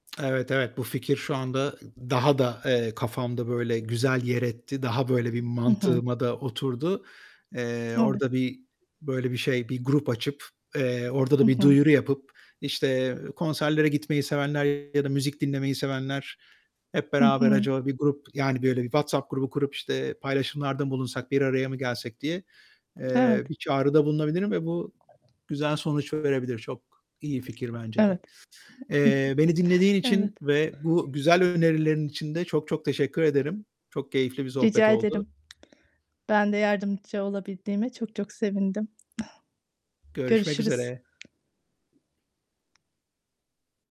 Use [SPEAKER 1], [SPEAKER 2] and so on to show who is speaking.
[SPEAKER 1] Evet, evet, bu fikir şu anda ı ı daha da, eee, kafamda böyle güzel yer etti. Daha böyle bir
[SPEAKER 2] Hı hı.
[SPEAKER 1] mantığıma da oturdu. Eee,
[SPEAKER 2] Evet.
[SPEAKER 1] orda bir, böyle, bir şey, bir grup açıp, eee, orda
[SPEAKER 2] Hı
[SPEAKER 1] da bir
[SPEAKER 2] hı.
[SPEAKER 1] duyuru yapıp, işte, eee, konserlere gitmeyi sevenler ya da müzik dinlemeyi sevenler, hep
[SPEAKER 2] Hı
[SPEAKER 1] beraber
[SPEAKER 2] hı.
[SPEAKER 1] acaba bir grup, yani böyle bir WhatsApp grubu kurup, işte, paylaşımlarda mı bulunsak, bir araya mı gelsek diye,
[SPEAKER 2] Evet.
[SPEAKER 1] eee, bir çağrıda bulunabilirim ve bu güzel sonuç verebilir. Çok iyi fikir bence de.
[SPEAKER 2] Evet.
[SPEAKER 1] Eee, beni dinlediğin
[SPEAKER 2] Hı, hı hı.
[SPEAKER 1] için
[SPEAKER 2] Evet.
[SPEAKER 1] ve bu güzel önerilerin için de çok çok teşekkür ederim. Çok keyifli bir sohbet
[SPEAKER 2] Rica
[SPEAKER 1] oldu.
[SPEAKER 2] ederim. Ben de yardımcı olabildiğime çok çok sevindim.
[SPEAKER 1] Görüşmek
[SPEAKER 2] Görüşürüz.
[SPEAKER 1] üzere.